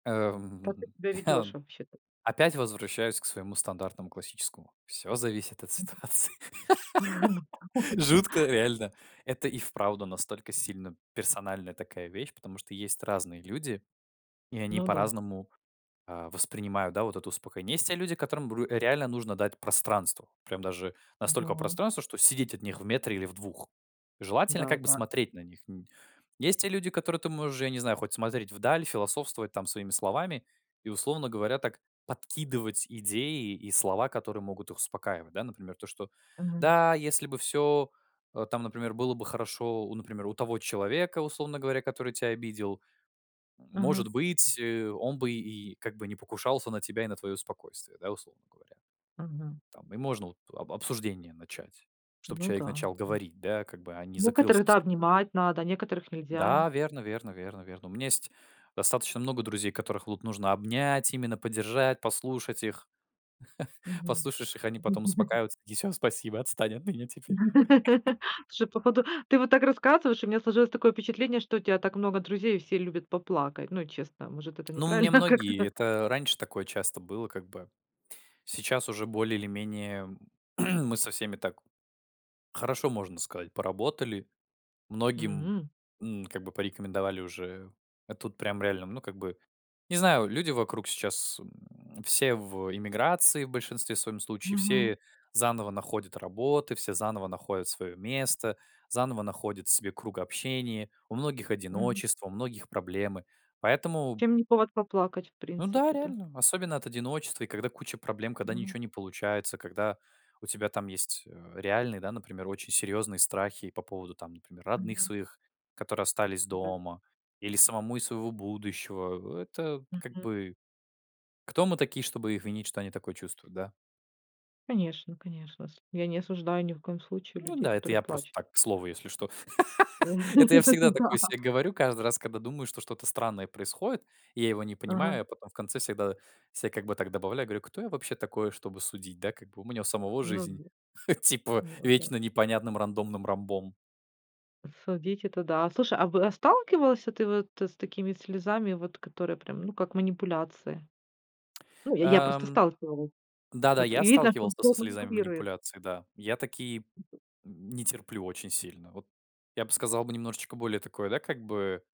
Как ты Эм, себя ведешь вообще-то? опять возвращаюсь к своему стандартному классическому: "Всё зависит от ситуации". Мгм. Жутко реально, это и вправду настолько сильно персональная такая вещь, потому что есть разные люди, и они Ну да. по-разному, а, воспринимают, да, вот это успокоение. Есть те люди, которым, бр реально нужно дать пространство. Прям даже настолько Да. пространство, что сидеть от них в метре или в 2. Желательно как бы Да-да. смотреть на них н Есть те люди, которые ты можешь, я не знаю, хоть смотреть вдаль, философствовать там своими словами и, условно говоря, так подкидывать идеи и слова, которые могут их успокаивать. Да, например, то, что: Мгм. "Да если бы всё, э, там, например, было бы хорошо, у, например, у того человека, условно говоря, который тя обидел, может Мгм. быть, э, он бы и как бы не покушался на тебя и на твоё спокойствие", да, условно говоря. Мгм. Там, и можно вот об обсуждение начать, чтобы Ну человек да, начал а говорить, да, как бы, а не закрылся некоторых, да, совсем. обнимать надо, некоторых нельзя. Да, верно верно верно верно. У меня есть достаточно много друзей, которых вот нужно обнять, именно поддержать, послушать их. Мгм. Послушаешь их, они потом успокаиваются. Такие: "Всё, спасибо, отстань от меня теперь". Слушай, походу, ты вот так рассказываешь, у меня сложилось такое впечатление, что у тя так много друзей и все любят поплакать. Ну и, честно, может, это Ну, у меня неправильно многие как-то? это раньше такое часто было, как бы. Сейчас уже более или менее мы со всеми так хорошо, можно сказать, поработали. Многим, М. м, как бы порекомендовали уже А тут прям реально, ну, как бы Не знаю, люди вокруг сейчас, м, все в эмиграции, в большинстве своём случае. Мгм. Все заново находят работы, все заново находят своё место, заново находят себе круг общения. У многих Мгм. одиночество, у многих проблемы. Поэтому Чем не повод поплакать, в Ну да, принципе, да? реально, особенно от одиночества, и когда куча проблем, когда Но ничего не получается, когда у тебя там есть, э, реальные, да, например, очень серьезные страхи по поводу там, например, родных Мгм. своих, которые остались Да. дома, или самому из своего будущего. Это как Мгм. бы Кто мы такие, чтобы их винить, что они такое чувствуют, да? Конечно конечно. С я не осуждаю ни в коем случае Ну людей, да, это которые я просто плачут. так, к слову если что. Это я всегда такое Да. се говорю каждый раз, когда думаю, что что-то странное происходит и я его не Ага. понимаю, потом в конце всегда се как бы так добавляю, говорю: "Кто я вообще такой, чтобы судить, да, как бы у меня у самого Ну, жизнь, д типа ну, опять. вечно непонятным рандомным ромбом". Судить- это да, а в а сталкивался ты вот с такими слезами, вот которые прям, ну, как манипуляция? Ну, я я просто Эм. сталкивалась, Да-да, вот я видно, что сталкивался со тобой слезами манипулируют. манипуляции, да, я такие не терплю очень сильно. Вот я бы сказал бы немножечко более такое, да, как бы